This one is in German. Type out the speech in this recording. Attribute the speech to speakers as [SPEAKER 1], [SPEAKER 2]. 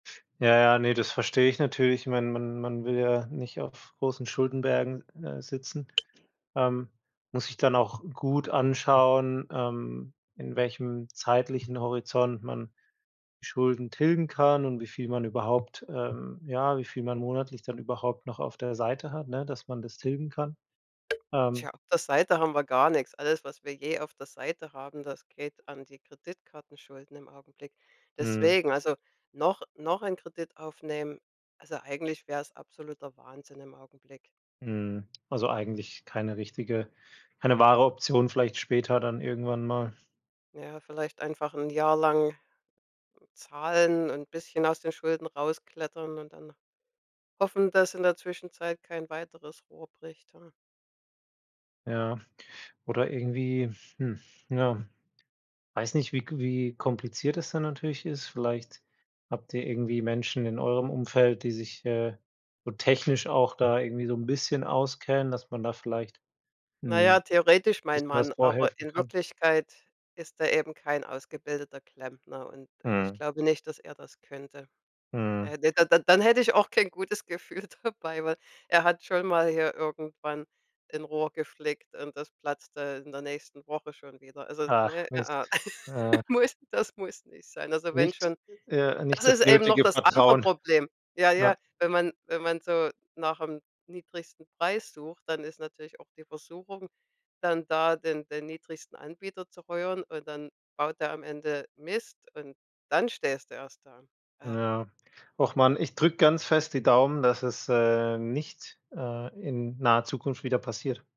[SPEAKER 1] Ja, ja, ne, das verstehe ich natürlich. Ich meine, man man will ja nicht auf großen Schuldenbergen, äh, sitzen, ähm, muss sich dann auch gut anschauen, ähm, in welchem zeitlichen Horizont man Schulden tilgen kann, und wie viel man überhaupt, ähm, ja, wie viel man monatlich dann überhaupt noch auf der Seite hat, ne, dass man das tilgen kann. Ähm.
[SPEAKER 2] Tja, auf der Seite haben wir gar nix. Alles, was wir je auf der Seite haben, das geht an die Kreditkartenschulden, im Augenblick.
[SPEAKER 1] Mhm.
[SPEAKER 2] Deswegen, also noch noch einen Kredit aufnehmen also, eigentlich wäre es absoluter Wahnsinn im Augenblick.
[SPEAKER 1] Mhm. Also, eigentlich keine richtige keine wahre Option. Vielleicht später dann irgendwann mal.
[SPEAKER 2] Ja, vielleicht einfach 'n Jahr lang zahlen und bisschen aus den Schulden rausklettern und dann hoffen, dass in der Zwischenzeit kein weiteres Rohr bricht, ja.
[SPEAKER 1] Ja. Oder irgendwie, hm, ja, weiß nicht, wie k wie kompliziert es dann natürlich ist. Vielleicht habt ihr irgendwie Menschen in eurem Umfeld, die sich, äh, so technisch auch da irgendwie so 'n bisschen auskennen, dass man da vielleicht,
[SPEAKER 2] Na ja,
[SPEAKER 1] hm, 'n
[SPEAKER 2] theoretisch mein
[SPEAKER 1] bisschen was
[SPEAKER 2] Mann, aber
[SPEAKER 1] vorhelfen
[SPEAKER 2] in
[SPEAKER 1] kann?
[SPEAKER 2] Wirklichkeit ist er eben kein ausgebildeter Klempner, und und ich
[SPEAKER 1] Mhm.
[SPEAKER 2] glaube nicht, dass er das könnte. Da
[SPEAKER 1] Mhm.
[SPEAKER 2] hätte d da dann hätte ich auch kein gutes Gefühl dabei, weil Er hat schon mal hier irgendwann 'n Rohr geflickt, und das platzte in der nächsten Woche schon wieder. Also
[SPEAKER 1] Ach
[SPEAKER 2] ne,
[SPEAKER 1] Mist.
[SPEAKER 2] ah ah,
[SPEAKER 1] Äh
[SPEAKER 2] muss das muss nicht sein. Also wenn
[SPEAKER 1] Nicht,
[SPEAKER 2] schon
[SPEAKER 1] äh
[SPEAKER 2] Das
[SPEAKER 1] nicht das
[SPEAKER 2] ist eben noch
[SPEAKER 1] nötige
[SPEAKER 2] das andere
[SPEAKER 1] Vertrauen.
[SPEAKER 2] Problem. Ja, ja,
[SPEAKER 1] Ja.
[SPEAKER 2] wenn man wenn man so nach 'm niedrigsten Preis sucht, dann ist natürlich auch die Versuchung dann da, den den niedrigsten Anbieter zu rühren, und dann baut er am Ende Mist und dann stehst du erst da. Ach.
[SPEAKER 1] Ja. Ach Mann, ich drücke ganz fest die Daumen, dass es, äh, nicht, äh, in naher Zukunft wieder passiert.